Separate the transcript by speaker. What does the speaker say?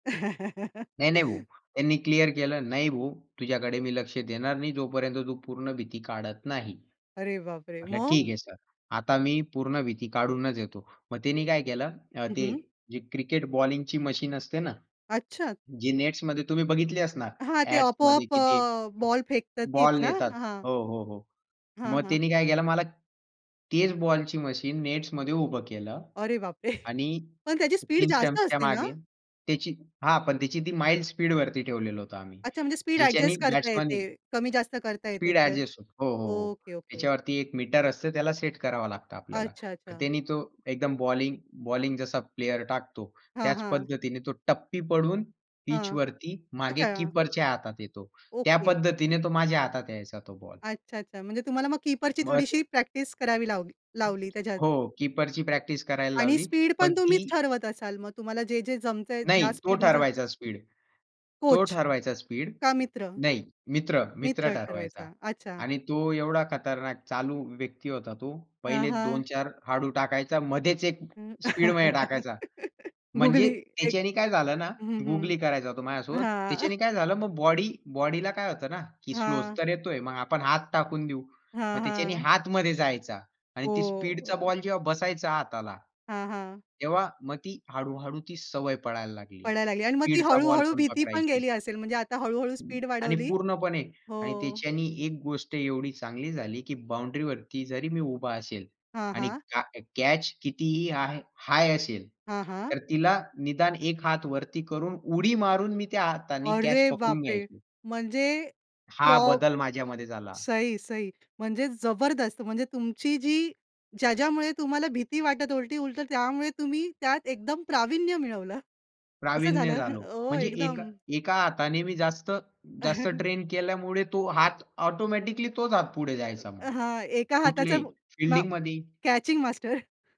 Speaker 1: नाही, नाही, भो. त्यांनी क्लिअर केलं "नाही भो, तुझ्याकडे मी लक्ष देणार नाही जोपर्यंत तू पूर्ण भीती काढत नाही."
Speaker 2: अरे बाप रे!
Speaker 1: म्हटलं "ठीक
Speaker 2: मग?
Speaker 1: आहे सर, आता मी पूर्ण भीती काढूनच येतो." मग त्यांनी काय केलं,
Speaker 2: हं,
Speaker 1: ते
Speaker 2: हं.
Speaker 1: जे क्रिकेट बॉलिंगची मशीन असते ना,
Speaker 2: अच्छा?
Speaker 1: जी नेट्समध्ये तुम्ही बघितली असणार
Speaker 2: हां, ते
Speaker 1: ॲड्समध्ये
Speaker 2: आपोआप
Speaker 1: की ती
Speaker 2: अ, बॉल फेकतात
Speaker 1: बॉल
Speaker 2: तीच ना,
Speaker 1: नेतात.
Speaker 2: हां.
Speaker 1: हो, हो, हो.
Speaker 2: हां,
Speaker 1: मग
Speaker 2: हां.
Speaker 1: तिने काय केलं, मला तेच बॉलची मशीन नेट्समध्ये उभ केलं
Speaker 2: अरे बाप रे!
Speaker 1: आणि
Speaker 2: पण त्याची स्पीड
Speaker 1: 3
Speaker 2: जास्त
Speaker 1: स्टंप्सच्या
Speaker 2: असते ना?
Speaker 1: मागे त्याची हां, पण तीची ती माईल्ड स्पीड वरती ठेवलेलो होतो आम्ही.
Speaker 2: अच्छा, म्हणजे स्पीड
Speaker 1: जिच्यानी
Speaker 2: एडजस्ट करता
Speaker 1: बॅट्समन
Speaker 2: येते. कमी-जास्त करता येते,
Speaker 1: स्पीड
Speaker 2: ते?
Speaker 1: एडजस्ट हो, हो, हो, हो.
Speaker 2: Okay, okay.
Speaker 1: त्याच्यावरती एक मीटर असत त्याला सेट करावा लागत आपल्याला.
Speaker 2: अच्छा, अच्छा.
Speaker 1: त्याने तो एकदम बॉलिंग, बॉलिंग जसा प्लेयर टाकतो
Speaker 2: हां,
Speaker 1: त्याच
Speaker 2: हां.
Speaker 1: पद्धतीने तो टप्पी पडून पिच
Speaker 2: हां,
Speaker 1: वरती मागे
Speaker 2: अच्छा.
Speaker 1: कीपरच्या हातात येतो. त्या
Speaker 2: ओके.
Speaker 1: पद्धतीने तो माझ्या हातात यायचा तो बॉल.
Speaker 2: अच्छा, अच्छा. म्हणजे तुम्हाला मग कीपरची
Speaker 1: मग
Speaker 2: थोडीशी प्रॅक्टिस करावी लावली लावली त्याच्यात.
Speaker 1: हो, कीपरची प्रॅक्टिस करायला
Speaker 2: आणि
Speaker 1: लावली.
Speaker 2: स्पीड
Speaker 1: पण
Speaker 2: पण तुम्हीच
Speaker 1: ती
Speaker 2: ठरवत असाल मग? तुम्हाला जे-जे जमतंय
Speaker 1: नाही,
Speaker 2: ज्या
Speaker 1: तो
Speaker 2: स्पीडने ज
Speaker 1: ठरवायचा स्पीड. तो
Speaker 2: कोच
Speaker 1: ठरवायचा स्पीड
Speaker 2: का मित्र?
Speaker 1: नाही, मित्र, मित्र
Speaker 2: मित्र
Speaker 1: ठरवायचा
Speaker 2: ठरवायचा. अच्छा.
Speaker 1: आणि तो एवढा खतरनाक, चालू व्यक्ती होता तो.
Speaker 2: हां,
Speaker 1: पहिले दोन
Speaker 2: हां.
Speaker 1: चार हळू टाकायचा मध्येच एक
Speaker 2: हं,
Speaker 1: स्पीडमध्ये टाकायचा.
Speaker 2: गुगली
Speaker 1: म्हणजे
Speaker 2: एक
Speaker 1: त्याच्याने काय झालं ना,
Speaker 2: हं,
Speaker 1: गुगली
Speaker 2: हं,
Speaker 1: करायचा तो
Speaker 2: हां.
Speaker 1: माझ्यासोबत. त्याच्याने काय झालं, मग बॉडी बॉडीला काय होत ना, की स्लो
Speaker 2: हां.
Speaker 1: तर येतोय मग आपण हात टाकून देऊ. मग
Speaker 2: हां,
Speaker 1: त्याच्याने
Speaker 2: हां.
Speaker 1: हात मध्ये जायचा आणि ती
Speaker 2: हो.
Speaker 1: स्पीडचा
Speaker 2: [unintelligible]
Speaker 1: बॉल जेव्हा बसायचा हाताला.
Speaker 2: हां, हां.
Speaker 1: तेव्हा मग ती हळू-हळू ती सवय पडायला लागली
Speaker 2: पडायला लागली आणि मग ती
Speaker 1: स्पीडचा बॉल
Speaker 2: हळू-हळू
Speaker 1: पण
Speaker 2: भीती पण
Speaker 1: पकडायची.
Speaker 2: गेली असेल, म्हणजे आता हळू-हळू स्पीड
Speaker 1: आणि
Speaker 2: वाढवली
Speaker 1: पूर्णपणे आणि
Speaker 2: हो.
Speaker 1: त्याच्याने एक गोष्ट एवढी चांगली झाली, की बाउंडरी वरती जरी मी उभा असेल
Speaker 2: हां,
Speaker 1: आणि
Speaker 2: हां.
Speaker 1: का कॅच कितीही हाय हाय असेल
Speaker 2: हां, हां.
Speaker 1: तर तिला निदान एक हात वरती करून उडी मारून मी त्या हाताने कॅच
Speaker 2: अरे बाप
Speaker 1: पकडून
Speaker 2: रे!
Speaker 1: घ्यायचो.
Speaker 2: म्हणजे प्रॉ
Speaker 1: हा बदल माझ्यामध्ये झाला.
Speaker 2: सही, सही म्हणजे जबरदस्त, म्हणजे तुमची जी ज्या-ज्यामुळे तुम्हाला भीती वाटत उलटी उलट त्यामुळे तुम्ही त्यात एकदम प्रावीण्य मिळवलं. असं
Speaker 1: प्रावीण्य
Speaker 2: झालं,
Speaker 1: झालो.
Speaker 2: हो
Speaker 1: म्हणजे एक
Speaker 2: एकदम.
Speaker 1: एका हाताने मी जास्त जास्त ट्रेन केल्यामुळे तो हात ऑटोमॅटिकली तोच हात पुढे जायचा मग.
Speaker 2: अ, हां एका हाताचा
Speaker 1: कुठल्याही
Speaker 2: मा
Speaker 1: फील्डिंगमध्ये ही.
Speaker 2: Catching master.